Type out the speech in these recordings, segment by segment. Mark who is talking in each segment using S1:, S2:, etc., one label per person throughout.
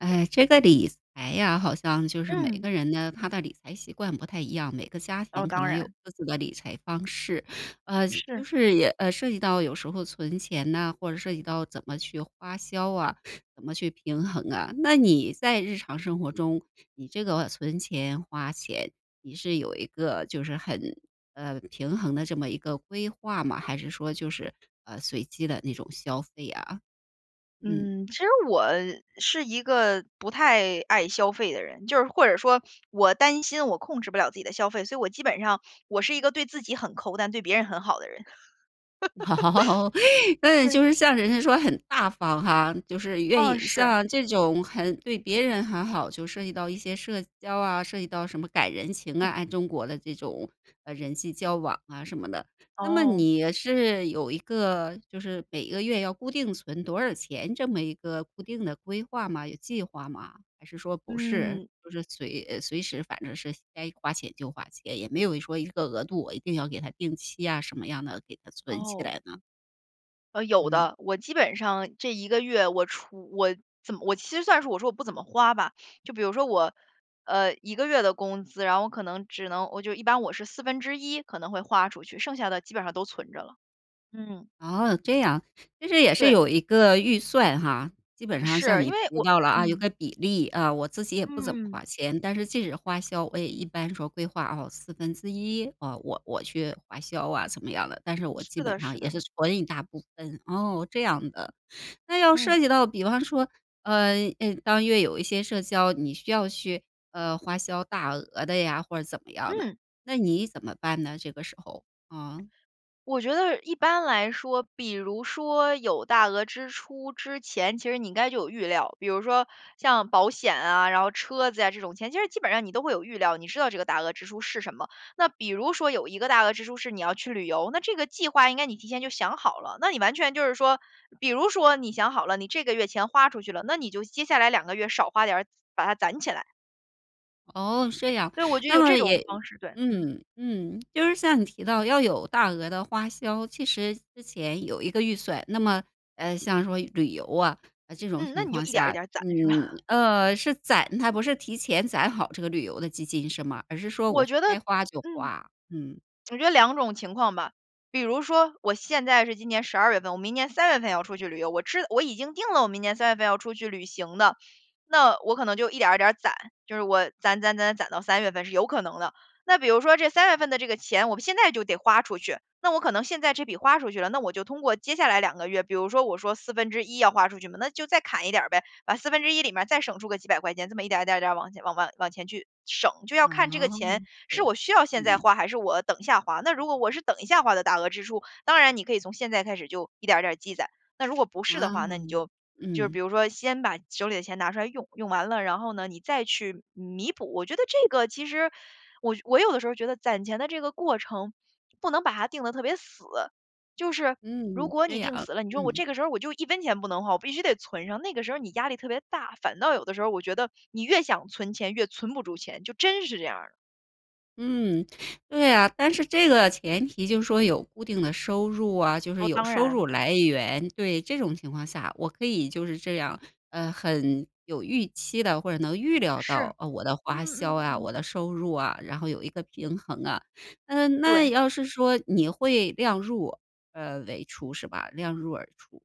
S1: 哎，这个理财呀，好像就是每
S2: 嗯。
S1: 个人呢，他的理财习惯不太一样，每个家
S2: 哦，
S1: 庭可
S2: 当
S1: 能有
S2: 然。
S1: 各自的理财方式。呃，就
S2: 是。
S1: 是也呃，涉及到有时候存钱呐，或者涉及到怎么去花销啊，怎么去平衡啊。那你在日常生活中，你这个存钱、花钱，你是有一个，就是很呃，平衡的这么一个规划吗？还是说就是，呃，随机的那种消费啊？嗯。
S2: 嗯，其实我是一个不太爱消费的人，就是或者说我担心我控制不了自己的消费，所以我基本上我是一个对自己很抠，但对别人很好的人，
S1: 嗯，
S2: 对。
S1: 就是像人家说很大方哈，就是愿
S2: 啊，
S1: 意
S2: 是。
S1: 像这种很对别人很好，就涉及到一些社交啊，涉及到什么赶人情啊，
S2: 嗯。
S1: 按中国的这种，呃，人际交往啊什么的。那么
S2: 哦。
S1: 你是有一个就是每个月要固定存多少钱，这么一个固定的规划吗？有计划吗？还是说不是，
S2: 嗯。
S1: 就是随呃，随时反正是该花钱就花钱，也没有说一个额度，我一定要给它定期啊，什么样的，给它存起
S2: 哦。
S1: 来呢？
S2: 呃，有
S1: 嗯。
S2: 的，我基本上这1个月，我除我怎么我其实算是我说我不怎么花吧。就比如说我，呃，1个月的工资，然后我可能只能我就一般我是1/4可能会花出去，剩下的基本上都存着了，嗯。
S1: 哦，这样，其实也是
S2: 对。
S1: 有一个预算哈？基本上像
S2: 是，
S1: 你
S2: 因为
S1: 提
S2: 我
S1: 到了啊，有
S2: 嗯。
S1: 个比例啊，我自己也不怎么
S2: 嗯。
S1: 花钱，但是即使花销，我也一般说规划哦1/4，我我去花销啊怎么样的，但是我
S2: 是
S1: 基
S2: 的，
S1: 本上
S2: 是
S1: 也
S2: 的。
S1: 是存一大部分。哦，这样的。那要
S2: 嗯。
S1: 涉及到，比方说，呃，诶，当月有一些社交，你需要去，呃，花销大额的呀，或者怎么样的，
S2: 嗯。
S1: 那你怎么办呢？这个时候，呃。
S2: 我觉得一般来说，比如说有大额支出之前，其实你应该就有预料。比如说像保险啊，然后车子呀这种钱，其实基本上你都会有预料，你知道这个大额支出是什么。那比如说有一个大额支出是你要去旅游，那这个计划应该你提前就想好了，那你完全就是说，比如说你想好了，你这个月钱花出去了，那你就接下来2个月就少花点儿把它攒起来。
S1: 哦，是这样。
S2: 对，我就
S1: 那
S2: 有
S1: 么
S2: 这
S1: 也
S2: 种方式，对，嗯。
S1: 嗯，嗯，就是像你提到要有大额的花销，其实之前有一个预算。那么，呃，像说旅游啊，在这种
S2: 嗯，那
S1: 情
S2: 你就
S1: 况
S2: 一点儿一
S1: 下
S2: 点儿攒
S1: 嗯，
S2: 是吧？
S1: 呃，是攒它，不是提前攒好这个旅游的基金是吗？而是说
S2: 我
S1: 我
S2: 觉得
S1: 该花就
S2: 嗯，
S1: 花，嗯。
S2: 我觉得2种情况吧。比如说，我现在是今年12月份，我明年3月份要出去旅游，我知我已经定了我明年3月份要出去旅行的，那我可能就一点儿一点儿攒，就是我攒攒攒攒攒到3月份是有可能的。那比如说这3月份的这个钱，我现在就得花出去，那我可能现在这笔花出去了，那我就通过接下来2个月。比如说，我说1/4要花出去嘛，那就再砍一点儿呗，把1/4里面儿再省出个几百块钱，这么一点儿，一点儿，一点儿往前往往往前去省。就要
S1: 哦，
S2: 看这个钱，
S1: 对
S2: 是
S1: 啊，
S2: 我需要现在
S1: 嗯。
S2: 花还是我等一下花，那如果我是等一下花的大额支出，当然你可以从现在开始就一点儿一点儿积攒。那如果不是的
S1: 哇
S2: 话，那你
S1: 哦，
S2: 就就是比
S1: 嗯。
S2: 如说先把手里的钱拿出来用，用完了，然后呢，你再去弥补。我觉得这个其实，我我有的时候觉得攒钱的这个过程，不能把它定得特别死。就是如
S1: 嗯，
S2: 果你
S1: 这样，
S2: 定死了，你说我
S1: 嗯。
S2: 这个时候我就1分钱不能花，我必须得存上，那个时候你压力特别大，反倒有的时候我觉得，你越想存钱越存不住钱，就真是这样儿的。
S1: 嗯，对啊，但是这个前提就是说有固定的收入啊，就是
S2: 哦，
S1: 有
S2: 当
S1: 收入
S2: 然。
S1: 来源，对，这种情况下，我可以就是这样，呃，很有预期地或者能预料
S2: 是，
S1: 到，呃，我的花
S2: 嗯，
S1: 销
S2: 嗯，
S1: 啊、
S2: 嗯。
S1: 我的收入啊，然后有一个平衡啊。啊，那
S2: 对。
S1: 要是说你会量入，呃为出是吧？量入而出，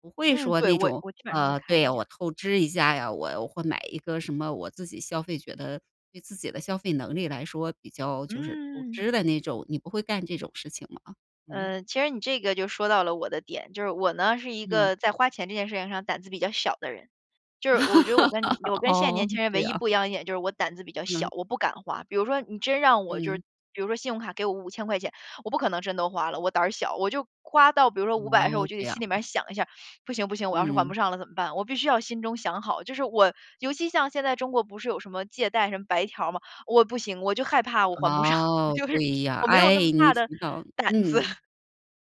S1: 不会
S2: 嗯，
S1: 说
S2: 对，
S1: 那
S2: 我
S1: 种，
S2: 我基本上会
S1: 呃，
S2: 看
S1: 对
S2: 一
S1: 呀，
S2: 下。
S1: 我透支一下呀，我会买一个什么我自己消费觉得对自己的消费能力来说比较就是透
S2: 嗯。
S1: 支的那种，你不会干这种事情吗？嗯。
S2: 呃，其实你这个就说到了我的点。就是我呢，是一
S1: 嗯。
S2: 个在花钱这件事情上胆子比较小的人，就是我觉得我跟你 我跟现在
S1: 哦，
S2: 年轻人
S1: 这
S2: 唯一不一
S1: 样。
S2: 样的一点就是我胆子比较小，
S1: 嗯。
S2: 我不敢花。比如说你真让我就是
S1: 嗯。
S2: 比如说信用卡给我¥5000块钱，我不可能真都花了，我胆儿小，我就花到比如说500的时候，我
S1: 哦，
S2: 就得
S1: 这样。
S2: 心里面儿想一下：“不行不行，我要是还不
S1: 嗯。
S2: 上了怎么办？”我必须要心中想好，就是我尤其像现在中国不是有什么借贷、什么白条儿嘛，我不行，我就害怕我还不上，我
S1: 哦，
S2: 就是
S1: 对呀。
S2: 我没有那么
S1: 哎，你
S2: 大的
S1: 听到
S2: 胆子。
S1: 嗯，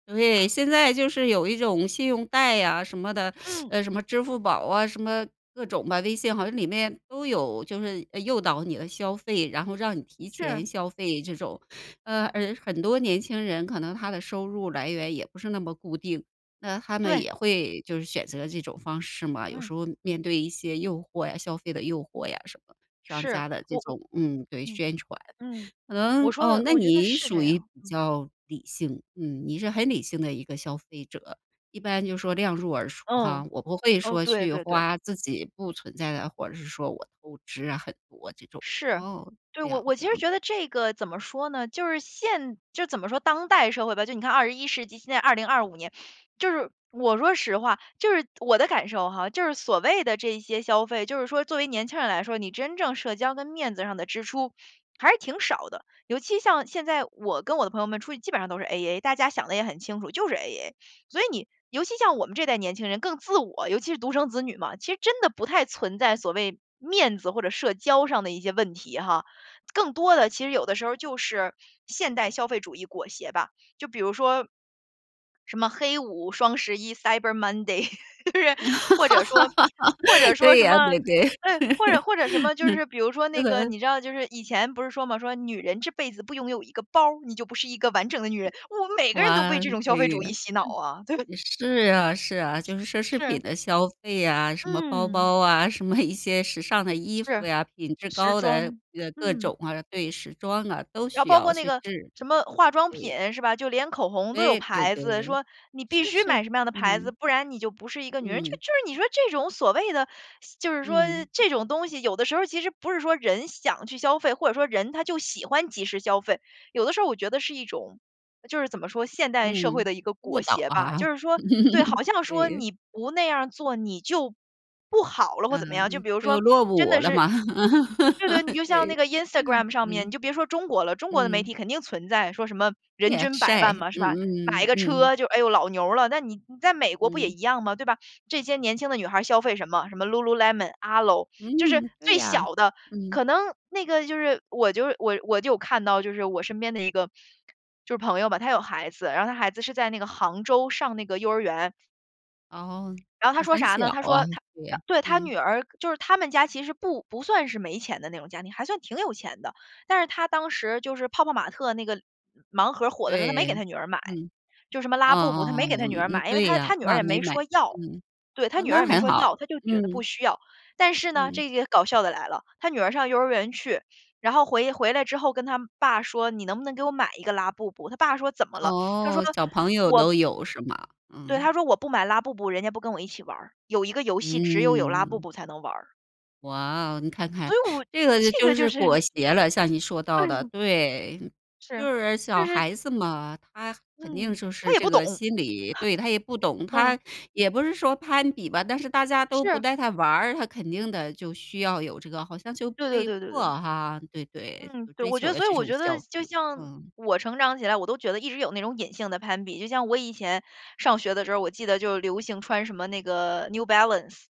S1: 对，现在就是有一种信用贷啊什么的，
S2: 嗯。
S1: 呃，什么支付宝啊，什么各种的，微信好像里面都有就是，呃，诱导你的消费，然后让你提
S2: 是。
S1: 前消费这种。呃，而很多年轻人可能他的收入来源也不是那么固定，那他们
S2: 对。
S1: 也会就是选择这种方式嘛，有
S2: 嗯。
S1: 时候，面对一些诱惑呀，消费的诱惑呀什么，商
S2: 是，
S1: 家的这
S2: 我我
S1: 种，嗯，对，
S2: 嗯，
S1: 宣传。
S2: 嗯，
S1: 可
S2: 我
S1: 能
S2: 说
S1: 哦，
S2: 的
S1: 那
S2: 我觉得
S1: 你
S2: 是这
S1: 属于比
S2: 样，嗯。
S1: 较理性？嗯，你是很理性的一个消费者，一般就是说量入而出
S2: 嗯，
S1: 哈，我不会
S2: 嗯，
S1: 说
S2: 对
S1: 去
S2: 对对。
S1: 花自己不存在的，或者是说我透支啊很多这种，
S2: 是，
S1: 哦，
S2: 对，
S1: 这
S2: 我
S1: 样，
S2: 我
S1: 这
S2: 其实
S1: 样。
S2: 觉得这个怎么说呢，就是现就怎么说，当代社会吧，就你看21世纪，现在2025年，就是我说实话就是我的感受哈，就是所谓的这一些消费，就是说作为年轻人来说，你真正社交跟面子上的支出，还是挺少的。尤其像现在我跟我的朋友们出去基本上都是 A-A，大家想的也很清楚，就是 A-A，所以你尤其像我们这一代年轻人更自我，尤其是独生子女嘛，其实真的不太存在所谓面子或者社交上的一些问题哈。更多的其实有的时候就是现代消费主义裹挟吧。就比如说，什么黑五、双十一、Cyber Monday，或者说或者 说
S1: 对
S2: 什
S1: 啊，
S2: 么
S1: 对，对，
S2: 对，或者或者什么就
S1: 嗯，
S2: 是比如说那
S1: 是
S2: 个，
S1: 的。
S2: 你知道就是以前不是说嘛，说女人这辈子不拥有一个包，你就不是一个完整的女人，我们每个人都被
S1: 哇，
S2: 这种消费
S1: 对
S2: 主义
S1: 啊，
S2: 洗脑啊。对。
S1: 是啊，是啊，就是奢侈品
S2: 是。
S1: 的消费啊，什么包
S2: 嗯。
S1: 包啊，什么一些时尚的衣服
S2: 是，
S1: 呀，品质
S2: 时
S1: 高的
S2: 装，
S1: 呃，各
S2: 嗯。
S1: 种啊，对，时装啊，都
S2: 然后
S1: 需
S2: 包
S1: 要
S2: 括那
S1: 去
S2: 个
S1: 置，
S2: 什么化妆
S1: 对。
S2: 品是吧？就连口红都有
S1: 对，对，
S2: 牌
S1: 对，
S2: 子，说你必
S1: 是
S2: 须
S1: 是，
S2: 买什么样的牌子，
S1: 嗯。
S2: 不然你就不是一个女人。就
S1: 嗯。
S2: 是你说这种所谓的就是说
S1: 嗯。
S2: 这种东西有的时候其实不是说人想去消费，或者说人他就喜欢即时消费。有的时候我觉得是一种就是怎么说，现代社会
S1: 嗯，
S2: 的一个
S1: 误
S2: 裹
S1: 导
S2: 挟吧。
S1: 啊，，
S2: 就是说对，好像说
S1: 对。
S2: 你不那样儿做，你就不好了或怎么样。就
S1: 嗯，
S2: 比如
S1: 就
S2: 说
S1: 落
S2: 真的
S1: 伍了
S2: 是
S1: 嘛，
S2: 对，对，你就 像那
S1: 对。
S2: 个 Instagram 上面，你
S1: 嗯，
S2: 就别说中国了，中国的媒
S1: 嗯。
S2: 体肯定存在，说什么人
S1: 对啊，
S2: 均百
S1: 晒，
S2: 万嘛，是吧，买
S1: 嗯，
S2: 一
S1: 嗯，
S2: 个
S1: 嗯。
S2: 车就哎呦老牛了。那你你在美国不也
S1: 嗯。
S2: 一样嘛，对吧，这些年轻的女孩消费什么，什么 Lululemon、Alo。就是
S1: 嗯，对
S2: 最
S1: 呀，
S2: 小的，
S1: 嗯。
S2: 可能那个就是我就是我我就有看到就是我身边的一个就是朋友吧，他有孩子，然后他孩子是在那个杭州上那个幼儿园。
S1: 哦，
S2: 然后他
S1: 那
S2: 说
S1: 很
S2: 啥
S1: 小
S2: 呢，他
S1: 啊。
S2: 说他他
S1: 对，
S2: 对，他
S1: 嗯。
S2: 女儿，就是他们家其实不不算是没钱的那种家庭，还算挺有钱的。但是他当时就是泡泡玛特那个盲盒儿火的时候，他没给
S1: 对，
S2: 他女儿买。
S1: 嗯。
S2: 就什么
S1: 哦
S2: 拉布布，他
S1: 哦
S2: 没给他
S1: 哦，
S2: 女儿
S1: 嗯，
S2: 买。因为
S1: 对
S2: 他
S1: 呀。
S2: 他女儿
S1: 啊，
S2: 也
S1: 没
S2: 没
S1: 买，
S2: 说要。
S1: 嗯。
S2: 对，他
S1: 啊，
S2: 女儿
S1: 那
S2: 也没
S1: 还
S2: 说
S1: 好，
S2: 要，他就觉得不
S1: 嗯。
S2: 需要，但是呢
S1: 嗯。
S2: 这个搞笑的来了。他女儿上幼儿园去，然后回回来之后跟她爸说：“你能不能给我买一个拉布布？”她爸说：“怎么了？”她说：
S1: 哦，小朋友
S2: “我“
S1: 都有是吗？
S2: 对，她
S1: 嗯。
S2: 说：”我不买拉布布，人家不跟我一起玩儿，有一个游戏只有有拉布
S1: 嗯。
S2: 布才能玩儿。”
S1: 哇哦，你看看，
S2: 所以我
S1: 这个就
S2: 这
S1: 就
S2: 个
S1: 是
S2: 就是
S1: 裹挟了。像你说到
S2: 对。
S1: 的对，
S2: 是，
S1: 就是
S2: 就
S1: 小
S2: 是
S1: 孩子嘛，她肯定
S2: 嗯，
S1: 就
S2: 她
S1: 是
S2: 也
S1: 这
S2: 不懂。
S1: 个 心理。对，她也不懂，
S2: 嗯。
S1: 她也不是说攀比吧，但是大家都不
S2: 是。
S1: 带她玩儿，她肯定的，就需要有这个，好像就
S2: 对对
S1: 被
S2: 对对
S1: 迫
S2: 对。
S1: 哈，对，对。
S2: 嗯，
S1: 就
S2: 对，
S1: 追
S2: 我觉
S1: 求
S2: 得
S1: 了
S2: 所以
S1: 这
S2: 我
S1: 种
S2: 觉得
S1: 消
S2: 就
S1: 费，
S2: 像
S1: 嗯。
S2: 我成长起来，我都觉得一直有那种隐性的攀比。就像我以前上学的时候，我记得就流行穿什么那个 New Balance。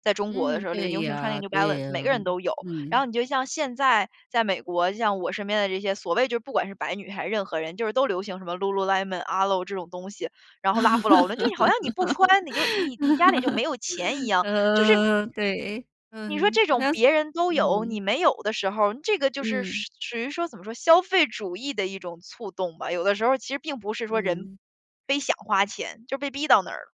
S2: 在中国的
S1: 嗯，
S2: 时候，流
S1: 对
S2: 流行穿那
S1: 呀，
S2: 个 New
S1: 对
S2: Balance，
S1: 呀，
S2: 每个人都有。然
S1: 嗯。
S2: 后你就像现在在美国，就像我身边的这些所谓就是不管是白女还是任何人，就是都流行什么 Lululemon，Alo 这种东西，然后拉夫劳伦，就你好像你不穿，你就你你家里就没有钱一 样，就是
S1: 呃，对，
S2: 你说
S1: 嗯，
S2: 这
S1: 好
S2: 种
S1: 像
S2: 别人都有，你
S1: 嗯。
S2: 没有的时候，这个就是说
S1: 嗯。
S2: 属于说怎么说，消费主义的一种促动吧？有的时候儿其实并不是说人
S1: 嗯。
S2: 非想花钱，就被逼到那儿了。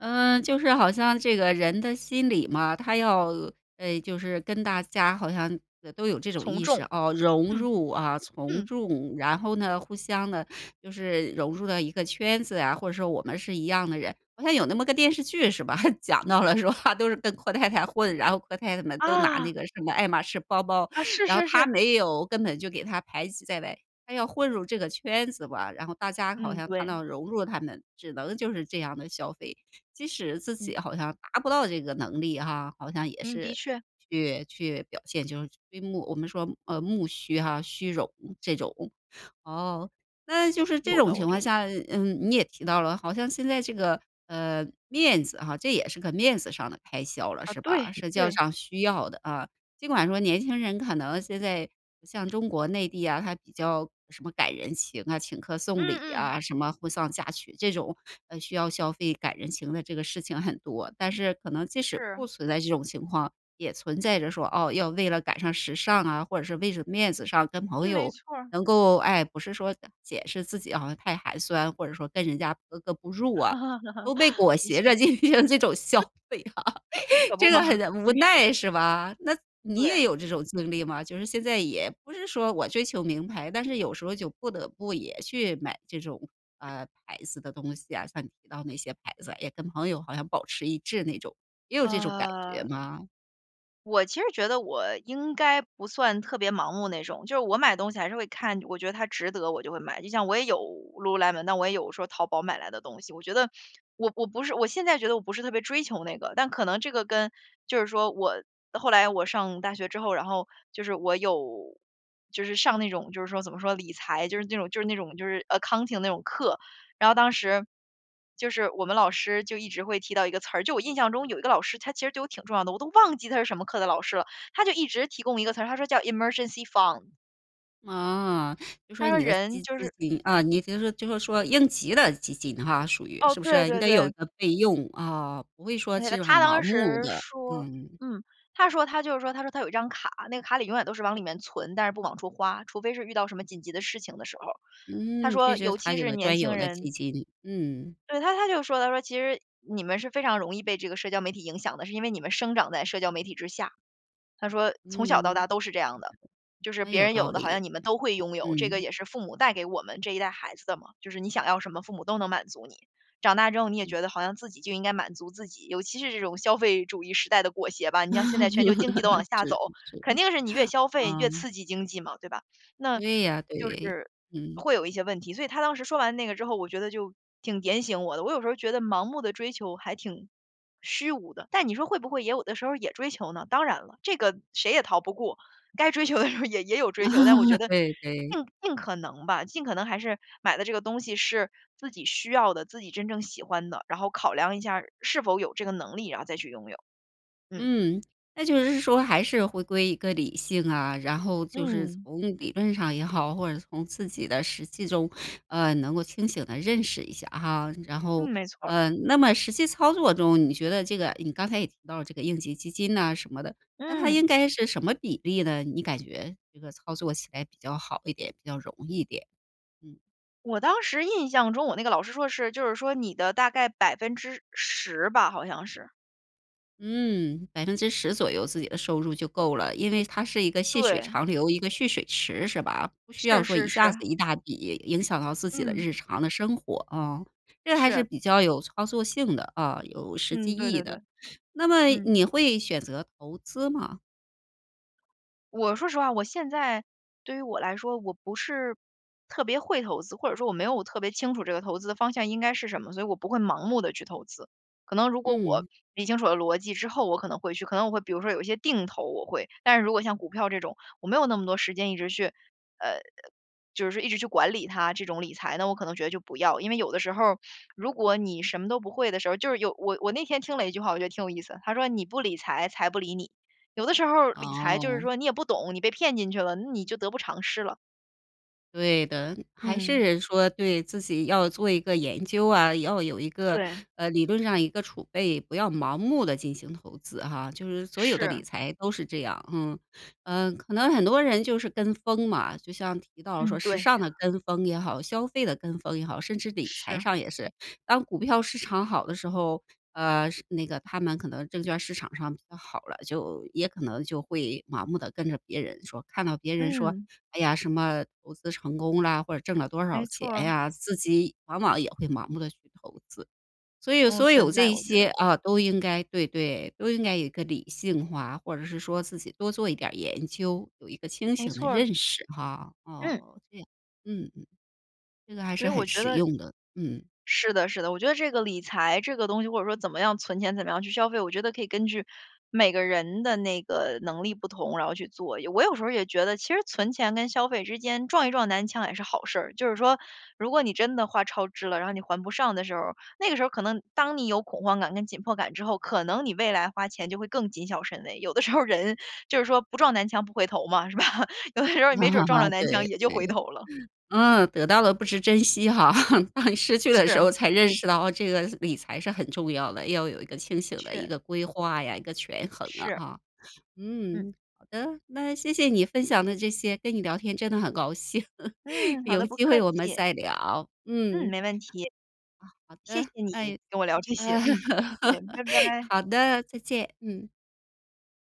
S1: 呃，就是好像这个人的心理嘛，他要呃，就是跟大家好像，呃，都有这种
S2: 从
S1: 意识，
S2: 众，
S1: 哦，融
S2: 嗯，
S1: 入啊、从
S2: 嗯。
S1: 众，然后呢，互相呢就是融入到一个圈子呀，或者说我们是一样的人。好像有那么个电视剧是吧？讲到了说啊，都是跟阔太太混，然后阔太太们都拿
S2: 啊。
S1: 那个什么爱马仕包包，
S2: 啊，是，
S1: 然后
S2: 是，
S1: 她
S2: 是。
S1: 没有，根本就给她排挤在外。她要混入这个圈子吧，然后大家好
S2: 嗯，
S1: 像她
S2: 对。
S1: 要融入她们，只能就是这样地消费。即使自
S2: 嗯。
S1: 己好像达不到这个能力哈，好像也
S2: 嗯，的
S1: 是
S2: 确。
S1: 去去表现，就是虚慕我们说呃，慕虚哈、虚荣这种。哦，那就是这
S2: 有
S1: 种
S2: 的，
S1: 情
S2: 我觉
S1: 况
S2: 得。
S1: 下，嗯，你也提到了，好像现在这个，呃，面子哈，这也是个面子上的开销了，
S2: 啊，
S1: 是
S2: 对，
S1: 吧？社交
S2: 对。
S1: 上需要的啊。尽管说年轻人，可能现在像中国内地啊，他比较什么赶人情啊、请客送礼
S2: 嗯，嗯。
S1: 啊、什么婚丧嫁娶，这种，呃，需要消费、赶人情的这个事情很多。但是可能即使不
S2: 是。
S1: 存在这种情况，也存在着说，哦，要为了赶上时尚啊，或者是为着面子上跟朋
S2: 嗯，没
S1: 友
S2: 错儿。
S1: 能够哎，不是说，呃，解释自己好像太寒酸，或者说跟人家格格不入啊，都被 裹
S2: 的
S1: 挟着
S2: 确。
S1: 进行这种消
S2: 嗯。
S1: 费啊，
S2: 可 不
S1: 这
S2: 嘛。
S1: 个很无
S2: 真是。
S1: 奈是吧？那你
S2: 对。
S1: 也有这种经历吗？就是现在也不是说我追求名牌，但是有时候就不得不也去买这种，呃，牌子的东西啊，像你提到那些牌子，也跟朋友好像保持一致那种，也有这种感觉
S2: 呃，
S1: 吗？
S2: 我其实觉得我应该不算特别盲目那种，就是我买东西还是会看我觉得它值得我就会买。就像我也有 Lululemon，那我也有说淘宝买来的东西，我觉得我我不是我现在觉得我不是特别追求那个。但可能这个跟就是说我后来我上大学之后，然后就是我有就是上那种就是说怎么说理财，就是那种就是那种就是 Accounting 那种课。然后当时，就是我们老师就一直会提到一个词儿就我印象中有一个老师，他其实对我挺重要的，我都忘记他是什么课的老师了，他就一直提供一个词儿，他说叫 Emergency fund。
S1: 哦，就
S2: 他
S1: 说
S2: 说
S1: 你的
S2: 人
S1: 基资
S2: 就是
S1: 金，啊，你就是就是说应急的基金哈属于，
S2: 哦，
S1: 是不
S2: 对，
S1: 是？你
S2: 对，
S1: 得有
S2: 对。
S1: 一个备用，啊，不会说
S2: 而且呢，他
S1: 很盲
S2: 当
S1: 目
S2: 时
S1: 的，
S2: 说
S1: 嗯。
S2: 嗯，他说他就是说，他说他有一张卡，那个卡里永远都是往里面存，但是不往出花，除非是遇到什么紧急的事情的时候，他
S1: 嗯，
S2: 说尤
S1: 他
S2: 其
S1: 有
S2: 是
S1: 的
S2: 年
S1: 专
S2: 轻
S1: 有的基
S2: 人
S1: 金，嗯。
S2: 对，他他就说，他说：“其实你们是非常容易，被这个社交媒体影响的，是因为你们生长在社交媒体之下。”他说：“从小到
S1: 嗯。
S2: 大都是这样的，就是
S1: 嗯，
S2: 别
S1: 有
S2: 人
S1: 道
S2: 有的，好
S1: 理，
S2: 像你们都会拥有。“这个
S1: 嗯。
S2: 也是父母，带给我们这一代孩子的嘛，就是你想要什么，父母都能满足你。长大之后，你也
S1: 嗯。
S2: 觉得好像自己就应该满足自己，尤其是这种消费主义时代的裹挟吧。你像现在全球经济都往 下走，
S1: 是，是，
S2: 肯定是你越消费
S1: 啊。
S2: 越刺激经济嘛，对吧？那
S1: 对呀，
S2: 就
S1: 对，
S2: 是
S1: 嗯。
S2: 会有一些问题。所以他当时说完那个之后，我觉得就挺点醒我的，我有时候觉得盲目地追求还挺虚无的，但你说会不会也有的时候也追求呢？当然了，这个谁也逃不过，该追求的时候也也有追求，但我觉 得
S1: 对，对。
S2: 尽尽可能吧，尽可能还是，买的这个东西是自己需要的，自己真正喜欢的，然后考量一下，是否有这个能力，然后再去拥有，嗯。
S1: 嗯，那就是是说还是回归一个理性啊，然后就是
S2: 嗯。
S1: 从理论上也好，或者从自己的实际中，呃，能够清醒地认识一下哈。然后
S2: 嗯，没错儿。
S1: 呃，那么实际操作中，你觉得这个你刚才也提到了这个应急基金呐什么的，那它
S2: 嗯。
S1: 应该是什么比例呢？你感觉这个操作起来比较好一点，比较容易一点，嗯。
S2: 我当时印象中，我那个老师说是，就是说你的大概10%吧，好像是。
S1: 嗯，10%左右自己的收入就够了，因为它是一个细水
S2: 对。
S1: 长流，一个蓄水池是吧？不需要
S2: 是
S1: 说
S2: 是
S1: 一下子
S2: 是。
S1: 一大笔，影响到自己的
S2: 嗯。
S1: 日常的生活啊，这还是
S2: 是。
S1: 比较有操作性的啊，有实
S2: 嗯，
S1: 际意
S2: 对
S1: 义
S2: 对对，
S1: 的。那么
S2: 嗯。
S1: 你会选择投资吗？
S2: 我说实话，我现在对于我来说，我不是特别会投资，或者说我没有特别清楚这个投资的方向应该是什么，所以我不会盲目地去投资。可能如果我
S1: 嗯。
S2: 理清楚了逻辑之后，我可能会去可能我会比如说有一些定投，我会。但是如果像股票这种，我没有那么多时间一直去，呃，就是一直去管理它这种理财，那我可能觉得就不要。因为有的时候，如果你什么都不会的时候，就是有我我那天听了一句话，我觉得挺有意思，它说：“你不理财，财不理你。”有的时候，理财就是
S1: 哦。
S2: 说你也不懂，你被骗进去了，那你就得不偿失了。
S1: 对的，还
S2: 嗯。
S1: 是说对，自己要做一个研究啊，要有一个
S2: 对。
S1: 呃，理论上一个储备，不要盲目地进行投资哈，就是所有的理
S2: 是。
S1: 财都是这样。嗯，呃，可能很多人就是跟风嘛，就像提到说
S2: 嗯，
S1: 时
S2: 对
S1: 尚的
S2: 呀。
S1: 跟风也好，消费的跟风也好，甚至理财
S2: 是。
S1: 上也是，当股票市场好的时候，呃，是那个他们可能证券市场上比较好了，就也可能就会盲目地跟着别人说，看到别人说，
S2: 嗯。
S1: 哎呀，什么投资成功啦，或者挣了多少
S2: 没错
S1: 钱
S2: 儿。
S1: 呀，自己往往也会盲目地去投资。所以
S2: 嗯，
S1: 所
S2: 存
S1: 有
S2: 在，
S1: 这
S2: 我觉
S1: 些，
S2: 得。
S1: 啊，都应该对，对，都应该有一个理性化，或者是说自己多做一点儿研究，有一个清
S2: 没
S1: 醒的
S2: 错儿。
S1: 认识哈，
S2: 嗯。
S1: 哦，这样，嗯，嗯。那还
S2: 所
S1: 是
S2: 以我
S1: 很
S2: 觉
S1: 实
S2: 得
S1: 用的，嗯。
S2: 是的，是的，我觉得这个理财，这个东西，或者说怎么样存钱，怎么样去消费，我觉得可以根据每个人的那个能力不同，然后去做。也我有时候也觉得，其实存钱跟消费之间，撞一撞南墙也是好事儿。就是说，如果你真的花超支了，然后你还不上的时候，那个时候可能当你有恐慌感跟紧迫感之后，可能你未来花钱就会更谨小慎微，有的时候人就是说不撞南墙不回头嘛，是吧？有的时候你没准撞上 南墙
S1: 对
S2: 也就回
S1: 对，
S2: 头了。
S1: 嗯，得到了不知珍惜哈，当你失去的时
S2: 是。
S1: 候才认识到这个理财是很重要的，要有一个清
S2: 的
S1: 醒的一
S2: 确。
S1: 个规划呀，一个权衡啊，
S2: 是。
S1: 啊。
S2: 嗯。
S1: 嗯，好的，那谢谢你分享的这些，跟你聊天真的很高兴
S2: 嗯，好
S1: 有
S2: 的，不
S1: 机会
S2: 客
S1: 我们
S2: 气。
S1: 再聊，嗯。
S2: 嗯，
S1: 哦，
S2: 没问题。
S1: 好
S2: 谢
S1: 的，
S2: 谢你，
S1: 哎，
S2: 跟我聊这些，嗯，谢谢，拜 拜。
S1: 好的，再见，嗯。